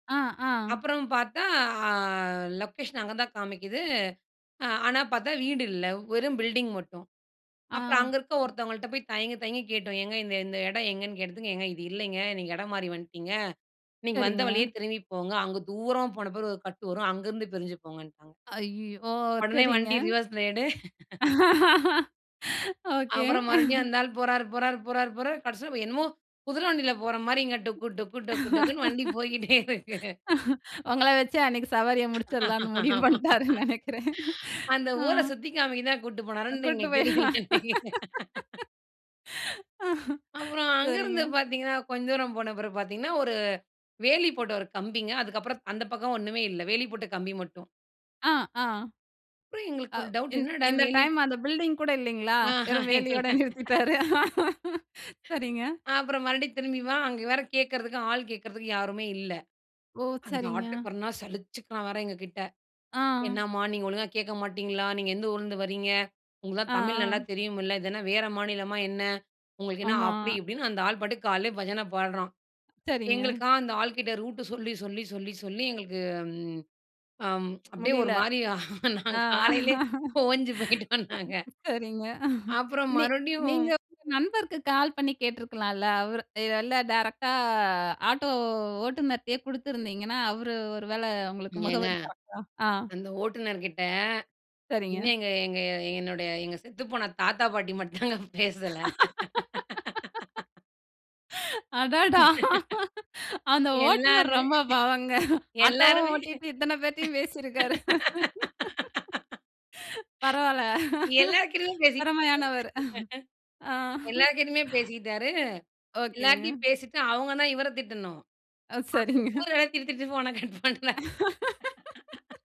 ஆ, ஆ. அப்புறம் பார்த்தா அ லொக்கேஷன் அங்க தான் காமிக்குது. அ ஆனா, பார்த்தா வீடு இல்ல. வெறும் பில்டிங் மட்டும். ஆ. அப்புறம் அங்க இருக்க ஒருத்தவங்கள்ட்ட போய் தயங்கி, தயங்கி கேட்டோம். ஏங்க இந்த இந்த இடம் எங்கேன்னு கேட்டதுக்கு ஏங்க இது இல்லேங்க. நீங்க இடம் மாறி வந்துட்டீங்க. நீங்க வந்த சரிங்க. வழியே திரும்பி போங்க. அங்க தூரம் போன பிறகு ஒரு கட்டு வரும். அங்கருந்து பிரிஞ்சு போங்கன்ட்டாங்க ஐயய்யோ! ஓ உடனே சரிங்க. வண்டி ரிவர்ஸ்ல எடு. ஓகே. அப்புறம் மறுபடியும் அந்த ஆள் போறாரு, போறாரு, போறாரு, போறாரு கடைசில என்னமோ குதிரை வண்டில போறமாரிங்க. டொக்கு டொக்கு டொக்கு டொக்குனு வண்டி போயிட்டே இருக்கு. உங்கள வச்சு அன்னக்கி சவாரிய முடிச்சிர்லான்னு முடிவு ஆமா. பண்ணிட்டாருன்னு நினைக்கிறேன். அந்த ஆ. ஊர சுத்தி காமிக்க தான் கூட்டிட்டு அ போனாருன்னு கூட்டிட்டு எங்களுக்கு போய் தெரியல. அப்புறம் சரிங்க. அங்கேருந்து பார்த்தீங்கன்னா, கொஞ்ச தூரம் போன பிறகு பார்த்தீங்கன்னா, ஒரு வேலி போட்ட ஒரு கம்பிங்க. அதுக்கப்பறம் அந்த பக்கம் ஒன்னுமே இல்ல. வேலி போட்ட கம்பி மட்டும். ஆ, ஆ. அப்பறம் அ எங்களுக்கு ஒரு டவுட் இந் என்னடா! இந்த வேலி. டைம் அந்த பில்டிங் கூட இல்லேங்களா! ஆஹா! வெறும் இல்ல, வேலையோட நிறுத்திட்டாரு. சரிங்க. அப்பறம் மறுபடியும் திரும்பி வா! அங்க வேற கேட்கிறதுக்கு ஆள் கேட்கிறதுக்கு யாருமே இல்ல. ஓ! அந்த சரிங்க. ஆட்டோக்காரன்னா சலிச்சிக்கிறான் வேற எங்ககிட்ட. ஆ. "என்னம்மா! நீங்க ஒழுங்கா கேட்க மாட்டீங்களா! நீங்க எந்த ஊர்லருந்து வரீங்க? உங்களுக்கு ஆ, தான் தமிழ் நல்லா ஆ. தெரியும்ல்ல. இதென்ன வேறு மாநிலமா என்ன? உங்களுக்கு என்ன?" ஆமா. அப்பிடி இப்பிடின்னு அந்த ஆள் பாட்டுக்கு காலையிலே பஜன பாடுறான். சரிங்க. எங்களுக்கா அந்த ஆள்கிட்ட ரூட்டு சொல்லி, சொல்லி, சொல்லி, சொல்லி எங்களுக்கு அம் அப்பிடியே முடியல. ஒருமாரி நான் காலையிலே ஓஞ்சு போயிட்டோம் நாங்க. சரிங்க. அப்பறம் நீ மறுபடியும் நீங்க உங்க நண்பருக்கு கால் பண்ணி கேட்டுருக்கலாம்ல. அவரு இதெல்லாம் டேரக்ட்டா ஆட்டோ ஓட்டுநர்ட்டயே கொடுத்துருந்தீங்கன்னா, அவரு ஒரு வேள உங்களுக்கு ஏங்க முகவரி கரெக்ட்டா ஆ. அந்த ஓட்டுநர்கிட்ட, சரிங்க. இன்னும் எங்க எங்க என்னுடைய எங்கள் செத்து போன தாத்தா பாட்டி மட்டும் தாங்க பேசல. அடடா! அந்த ஓட்டுனர் எல்லாமே ரொம்ப பாவங்க. ஆட்டோவும் எல்லாருமே! ஓட்டிட்டு இத்தனை பேரையும் பேசியிருக்காரு. பரவால்ல. எல்லார்கிட்டயும் பேசிட்டாரு! திறமையானவர். ஆ. எல்லார்கிட்டயுமே பேசிட்டாரு. ஓகேங்க. எல்லாருட்டயும் பேசிட்டு அவுங்க தான் இவர திட்டணும். ஓ! சரிங்க. [unintelligible] ஊர [unintelligible]